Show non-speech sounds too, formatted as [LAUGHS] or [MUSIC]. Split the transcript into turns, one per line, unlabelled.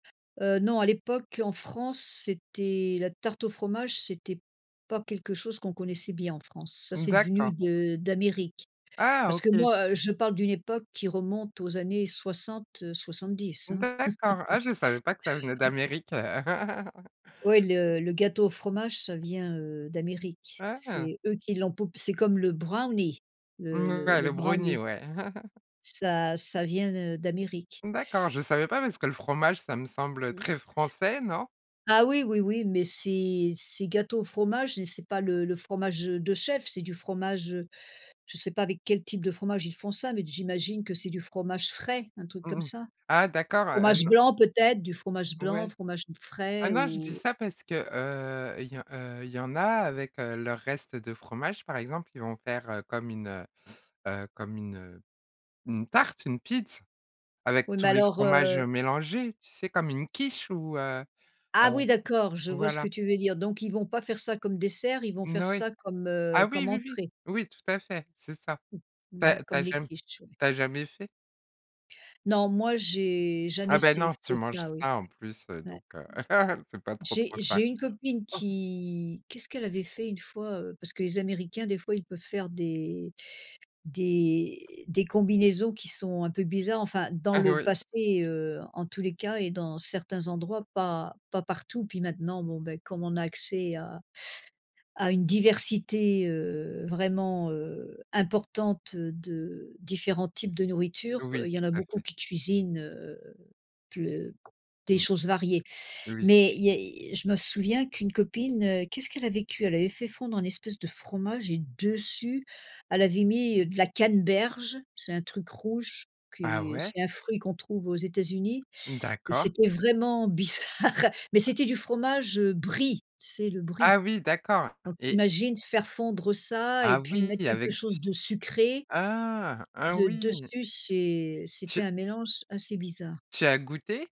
Heu, non, à l'époque en France, c'était la tarte au fromage, c'était pas quelque chose qu'on connaissait bien, en France. Ça, c'est devenu
D'accord.
de d'Amérique
Ah!
parce que,
OK.
moi, je parle d'une époque qui remonte aux années 60-70, hein.
D'accord. Ah, je savais pas que ça venait
[LAUGHS]
d'Amérique. [LAUGHS]
Oui, le le gâteau au fromage ça vient, heu, d'Amérique,
Ah!
c'est eux qui l'ont poupe c'est comme le brownie, le le
Ouais,
le
le brownie,
brownie.
ouais. [CHUCKLES]
Ça ça vient de d'Amérique.
D'accord. Je savais pas parce que le fromage, ça me semble
Mmh.
très français, non?
Ah oui, oui, oui, mais c'est c'est gâteau au fromage mais c'est pas le le fromage de chef, c'est du fromage, heu, je sais pas avec quel type de fromage ils font ça mais j'imagine que c'est du fromage frais, un truc comme
Mmh mh.
ça.
Ah d'accord, heu,
Fromage
non.
blanc, peut-être, du fromage blanc,
Ouais.
fromage
Ah
frais,
non, je dis
ou
ça parce, heu, il y en, heu, il y en a avec leurs restes de fromages, par exemple, ils vont faire comme une, heu comme une, heu, une tarte, une pizz, avec
Oui,
tous
mais
les
alors,
fromages, heu,
heu
mélangés, tu sais, comme une quiche ou heu, heu,
Ah oui, d'accord, je vois ce que
voilà.
tu veux dire. Donc ils vont pas faire ça comme dessert, ils vont
N
faire
oui.
ça comme, heu,
Ah oui,
comme
oui, oui.
entrée.
Oui, tout à fait, c'est ça.
Mmh.
Tu as
Mmh mh,
tu
comme
as
les
jam
quiches, ouais.
tu as jamais fait?
Non, moi j'ai
Ah
jamais
beh,
essay
non, tu
fait
manges
ça, oui,
sain en plus, heu,
ouais.
donc, heu, [CHUCKLES] c'est pas trop trop
J'ai
ça.
j'ai une copine
[CHUCKLES]
qui qu'est-ce qu'elle avait fait une fois, heu? Parce que les américains, des fois, ils peuvent faire des des des combinaisons qui sont un peu bizarres enfin dans
Ah
le
oui.
passé, heu, en tous les cas et dans certains endroits, pas pas partout, puis maintenant, bon, ben comme on a accès à à une diversité, heu, vraiment, heu, importante de différents types de nourriture,
Oui,
il y
tout
en a
à
beaucoup
fait.
qui cuisinent, heu, ple des
Mmh.
choses variées.
Oui.
Mais il y je me souviens qu'une copine, qu'est-ce qu'elle avait cuit? Elle avait fait fondre un espèce de fromage et dessus, elle avait mis de la canneberge, c'est un truc rouge que
Ah ouais?
c'est un fruit qu'on trouve aux États-Unis et
D'accord.
c'était vraiment bizarre, mais
Ah.
c'était du fromage, heu, brie, tu sais, le brie.
Ah oui, d'accord.
Donc tu
Et
imagines, faire fondre ça et
Ah
puis mettre
oui!
quelque
Avec du
chose
sucre.
de sucré
Ah! Ah
de
oui!
dessus, c'est
Tu
c'était un mélange assez bizarre.
tu as goûté?